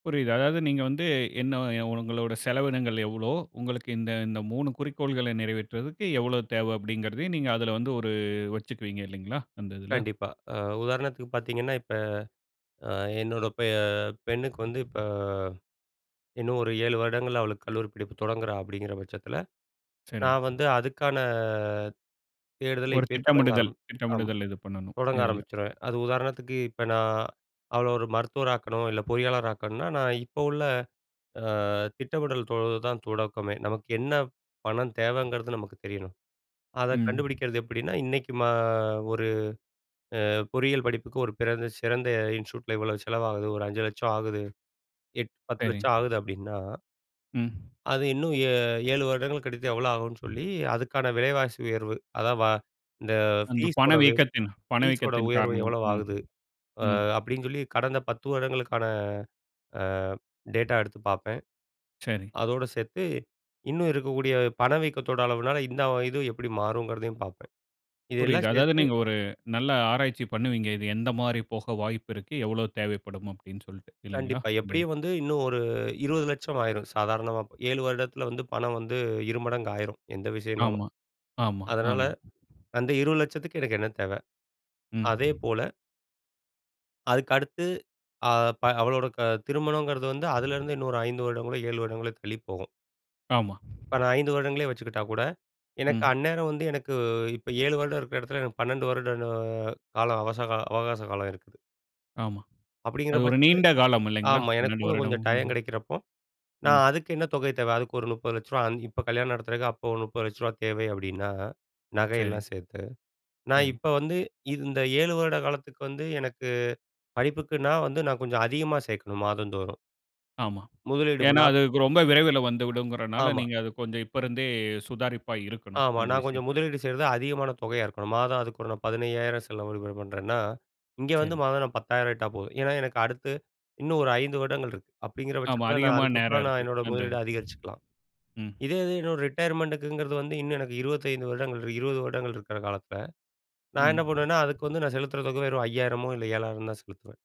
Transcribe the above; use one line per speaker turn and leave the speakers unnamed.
புரியுது. அதாவது நீங்க வந்து என்ன "உங்களோட செலவினங்கள் எவ்வளோ? உங்களுக்கு இந்த, இந்த 3 குறிக்கோள்களை நிறைவேற்றதுக்கு எவ்வளோ தேவை?" அப்படீங்கிறதையும் நீங்க அதுல வந்து ஒரு வச்சுக்குவீங்க இல்லைங்களா? அந்த இதுல.
கண்டிப்பா. அ உதாரணத்துக்கு பார்த்தீங்கன்னா, "இப்ப அ என்னோட பெ பெண்ணுக்கு வந்து இப்ப இன்னும் ஒரு 7 வருடங்கள்ல அவளுக்கு கல்லூரி படிப்பு தொடங்குறா" அப்படீங்கிற பட்சத்தில
சரி.
நான் வந்து அதுக்கான தேடுதல
ஒரு
இப்பயே தொடங்க
திட்டமிடுதல்
ஆரம் ஆம்
திட்டமிடுதல் இது பண்ணணும்,
தொடங்க
இதுல.
ஆரம்பிச்சிருவேன். அது உதாரணத்துக்கு இப்ப நா அவள ஒரு மருத்துவரா ஆக்கணும், இல்ல பொறியாளர் ஆக்கணும்ன்னா, நான் இப்ப உள்ள அ திட்டமிடல் தொ தான் தொடக்கமே. நமக்கு என்ன பணம் தேவைங்கிறது நமக்கு தெரியணும். அத
ம்.
கண்டுபுடிக்கிறது எப்படீன்னா, இன்னைக்கு மா ஒரு அ பொறியியல் படிப்புக்கு ஒரு பிறந்த சிறந்த இன்ஸ்டிடியூட்டில இவ்வளோ செலவாகுது, ஒரு ரூ. 5,00,000 ஆகுது. எட் பத்து
சரி.
லட்சம் ஆகுது அப்படீன்னா
ம்.
அது இன்னும் ஏ 7 வருடங்கள் கழித்து எவ்ளோ ஆகும்ன்னு சொல்லி, அதுக்கான விலைவாசி உயர்வு அதா வ "இந்த
அந்த
ஃபீஸோட வே
பணவீக்கத்தின்
ஃபீஸோட
பணவீக்கத்தின்
உயர்வு
காரணமா.
எவ்வளவு
ம்.
ஆகுது?" அ
ம்.
அப்படீன்னு சொல்லி கடந்த 10 வருடங்களுக்கான அ டேட்டா எடுத்து பார்ப்பேன்.
சரி.
அதோடு சேர்த்து இன்னும் இருக்கக்கூடிய பணவீக்கத்தோட அளவுனால இந்த இது எப்படி மாறுங்கிறதையும் பார்ப்பேன்.
புரியுது.
இதெல்லாம்
அதாவது
சேர்த்து
நீங்க ஒரு நல்ல ஆராய்ச்சி பண்ணுவீங்க. "இது எந்த மாரி போக வாய்ப்பு இருக்கு? எவ்வளோ தேவைப்படும்?" அப்படீன்னு சொல்ட்டு இல்லைங்களா?
கண்டிப்பா.
அது
எப்படியும் வந்து இன்னும் ஒரு ரூ. 20,00,000 ஆயிரும் சாதாரணமா. 7 வருடத்தில வந்து பணம் வந்து 2 மடங்கு ஆயிரும் எந்த விஷயம்னாலும்.
ஆமா, ஆமா,
அதனால
ஆமா.
அந்த ரூ. 20,00,000த்துக்கு எனக்கு என்ன தேவை?
ம்.
அதேபோல அதுக்கடுத்து அ ப அவளோட க திருமணங்கிறது வந்து அதுலேருந்து இன்னொரு 5 வருடங்களோ 7 வருடங்களோ தள்ளி போகும்.
ஆமா.
இப்ப நான் 5 வருடங்களே வச்சுக்கிட்டா கூட, எனக்கு
ம்.
அந்நேரம் வந்து எனக்கு இப்ப 7 வருடம் இருக்கிற இடத்துல எனக்கு 12 வருட ன காலம் அவசகா அவகாச காலம் இருக்குது.
ஆமா.
அப்படீங்கிற
அது ஒரு
பட்சத்துல
நீண்ட காலம் இல்லைங்களா?
ஆமா. எனக்கு
12
கூட
வருடம்.
கொஞ்சம் டைம்
ம்.
கெடைக்கிறப்போ,
ம்.
நான் அதுக்கு என்ன தொகை தேவை? அதுக்கு ஒரு ரூ. 30,00,000 அ இப்ப கல்யாணம் நடத்துறதுக்கு அப்ப ஒரு ரூ. 30,00,000 தேவை அப்படீன்னா,
சரி.
நகையெல்லாம் சேர்த்து. நான்
சரி.
இப்ப வந்து இந்த 7 வருட காலத்துக்கு வந்து, எனக்கு படிப்புக்குன்னா வந்து நான் கொஞ்சம் அதிகமா சேர்க்கணும் மாதந்தோறும்.
ஆமா. ஏன்னா
முதலீடுகலாம்
அதுக்கு ரொம்ப விரைவில வந்துவிடுங்கிறனால,
ஆமா.
நீங்க அது கொஞ்சம் இப்பருந்தே சுதாரிப்பா இருக்கணும்,
ஆமா.
அந்த
நான் கொஞ்சம்
விஷயத்து
முதலீடு செய்றது அதிகமான தொகையா இருக்கணும். மாதம் அதுக்கு ஒரு நான் ரூ. 15,000 செலவு விடும பண்ணுறேன்னா, இங்க வந்து
சரி.
மாதம் நான் ரூ. 10,000 இட்டா போதும். ஏன்னா எனக்கு அடுத்து இன்னும் ஒரு 5 வருடங்கள் இருக்கு. அப்படீங்கிற
ஆமா,
பட்சத்தில, நான்
அதிகமான நேரம்
அதுக்கப்பறம் நான்
இருக்கு.
என்னோட
அந்த
முதலீடு
இதுக்கு.
அதிகரிச்சுக்கலாம்.
ம்.
இதே இது என்னோட ரிட்டயர்மெண்ட்டுக்குங்கிறது வந்து இன்னும் எனக்கு 25 வருடங்கள் இரு, 20 வருடங்கள் இருக்கிற காலத்தில, நா
ம்.
என்ன பண்ணுவேன்னா, அதுக்கு வந்து நான் செலுத்துற தொகை வெறும் ரூ. 5000மோ இல்ல ரூ. 7,000 தான் செலுத்துவேன்.